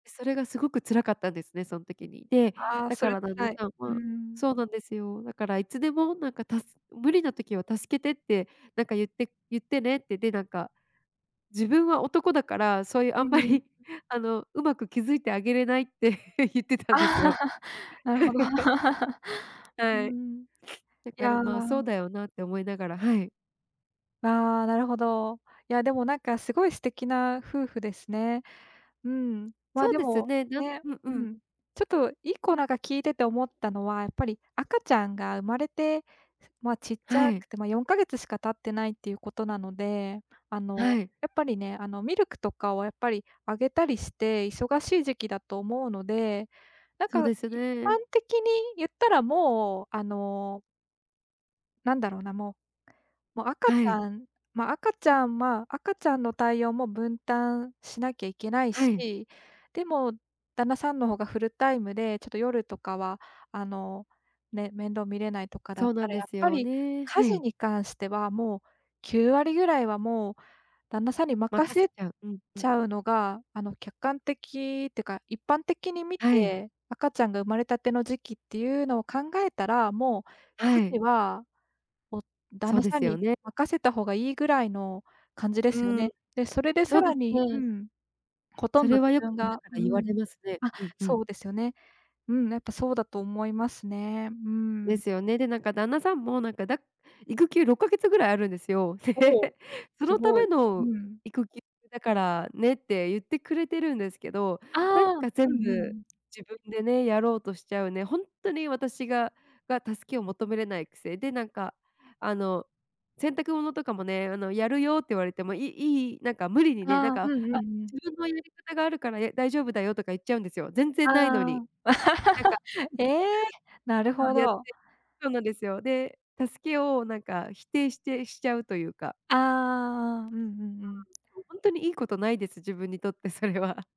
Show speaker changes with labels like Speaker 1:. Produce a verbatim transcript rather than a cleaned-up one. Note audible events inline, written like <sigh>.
Speaker 1: え、それがすごく辛かったんですね、そん時に。で、
Speaker 2: ああ、
Speaker 1: だ
Speaker 2: そ
Speaker 1: か
Speaker 2: れ
Speaker 1: ら旦那
Speaker 2: 辛い。
Speaker 1: さん
Speaker 2: うー
Speaker 1: は
Speaker 2: ん。
Speaker 1: そうなんですよ。だからいつでも、なんか、たす無理な時は助けてって、なんか言って言ってねって、で、なんか、自分は男だから、そういう
Speaker 2: う
Speaker 1: あ
Speaker 2: ー
Speaker 1: んま
Speaker 2: ん。
Speaker 1: り、あの、うまく気づいてあげれないって言って
Speaker 2: ああ。
Speaker 1: たんですよ。
Speaker 2: <laughs> なるほど。
Speaker 1: <laughs>
Speaker 2: <laughs> う
Speaker 1: はい。
Speaker 2: ん。
Speaker 1: だ
Speaker 2: い
Speaker 1: から
Speaker 2: や。
Speaker 1: まあそうだよなって思いながら。はい。
Speaker 2: ああ、なるほど。いや、でも、なんか、すごい素敵な夫婦ですね。うん、ま、
Speaker 1: そう
Speaker 2: で
Speaker 1: ですよ
Speaker 2: も、
Speaker 1: ね。なん
Speaker 2: ね
Speaker 1: うんう
Speaker 2: う
Speaker 1: ん。
Speaker 2: ん。ちょっと一個なんかか聞いてて思ったのは、やっぱり赤ちゃんが生まれて、ま、ちっち
Speaker 1: は
Speaker 2: ゃ
Speaker 1: い。
Speaker 2: くて、ま、よんかげつしか経ってないっていうことなので、あ
Speaker 1: は
Speaker 2: の、
Speaker 1: い。
Speaker 2: やっぱりね、あの、ミルクとかをやっぱりあげたりして忙しい時期だと思うので、なん
Speaker 1: そう
Speaker 2: か
Speaker 1: です
Speaker 2: 一
Speaker 1: ね。
Speaker 2: 般的に言ったらもう、あのなんだろうな、もう、も赤ち
Speaker 1: はい。
Speaker 2: ゃん、ま、赤ちゃん、まあ、赤ちゃんの対応も分担しなきゃいけない
Speaker 1: はい。
Speaker 2: し、でも旦那さんの方がフルタイムで、ちょっと夜とかは、あの、ね、面倒見れないとかだっ
Speaker 1: そうな
Speaker 2: た
Speaker 1: ん
Speaker 2: ら、
Speaker 1: で
Speaker 2: やっ
Speaker 1: す
Speaker 2: ぱ
Speaker 1: よ
Speaker 2: り
Speaker 1: ね。
Speaker 2: 家
Speaker 1: は
Speaker 2: 事
Speaker 1: い。
Speaker 2: に関してはもうきゅうわりぐらいはもう旦那さんに任
Speaker 1: 任せ
Speaker 2: せ
Speaker 1: ちゃう。うんう
Speaker 2: ち
Speaker 1: ん。
Speaker 2: ゃうのが、あの、客観的ってか、一般的に見
Speaker 1: はい。
Speaker 2: て、赤ちゃんが生まれたての時期っていうのを考えたら、もう
Speaker 1: は
Speaker 2: 家
Speaker 1: い。
Speaker 2: 事はもう旦
Speaker 1: そう
Speaker 2: 那
Speaker 1: で
Speaker 2: さん
Speaker 1: すよ
Speaker 2: に
Speaker 1: ね。
Speaker 2: 任せた方がいいぐらいの感じで
Speaker 1: う
Speaker 2: すよ
Speaker 1: ーん。
Speaker 2: ね。で、それで
Speaker 1: そ
Speaker 2: さ
Speaker 1: うで
Speaker 2: ら
Speaker 1: す
Speaker 2: にう
Speaker 1: ね。
Speaker 2: ん。ほと
Speaker 1: そ
Speaker 2: んど
Speaker 1: れ
Speaker 2: 自
Speaker 1: はよく
Speaker 2: 分
Speaker 1: みんな
Speaker 2: が
Speaker 1: か
Speaker 2: う
Speaker 1: ら言われ
Speaker 2: ん。
Speaker 1: ますね。
Speaker 2: あ、
Speaker 1: うんう
Speaker 2: そ
Speaker 1: ん。
Speaker 2: うですよね。うん、なんか、そうだと思いますね。う
Speaker 1: で
Speaker 2: ん。
Speaker 1: すよね。で、なんか、旦那さんも、なんか、だ育休ろっかげつぐらいあるんですよ。
Speaker 2: おお、
Speaker 1: <laughs>「そ
Speaker 2: す
Speaker 1: のた
Speaker 2: ご
Speaker 1: め
Speaker 2: い。う
Speaker 1: の
Speaker 2: ん。
Speaker 1: 育休だからね」って言ってくれてるんですけど、
Speaker 2: あ
Speaker 1: なん
Speaker 2: あ。
Speaker 1: か、
Speaker 2: う
Speaker 1: 全
Speaker 2: んうんう
Speaker 1: 部
Speaker 2: ん。
Speaker 1: 自分でね、やろうとしちゃうね、ほんっとに私がが、助けを求めれないくせで、なんか、あの、洗濯物とかもね、あの、やるよって言われても、いいい、なんか、無理にね、なん
Speaker 2: ああ。う
Speaker 1: か、
Speaker 2: んう
Speaker 1: 「あ、
Speaker 2: んうん。
Speaker 1: 自分のやり方があるから、や、大丈夫だよ」とか言っちゃうんですよ。全
Speaker 2: あ
Speaker 1: 然ないのに。
Speaker 2: あ。
Speaker 1: なんか、
Speaker 2: <laughs> え
Speaker 1: <laughs>
Speaker 2: え、なる
Speaker 1: そ
Speaker 2: ほ
Speaker 1: うやって
Speaker 2: ど。
Speaker 1: そうなんですよ。で、助けを、なんか、否定してしちゃうというか。
Speaker 2: ああああああ。うんうんう
Speaker 1: そうな
Speaker 2: ん。
Speaker 1: んですよ。ほんとにいいことないです。自分にとってそれは。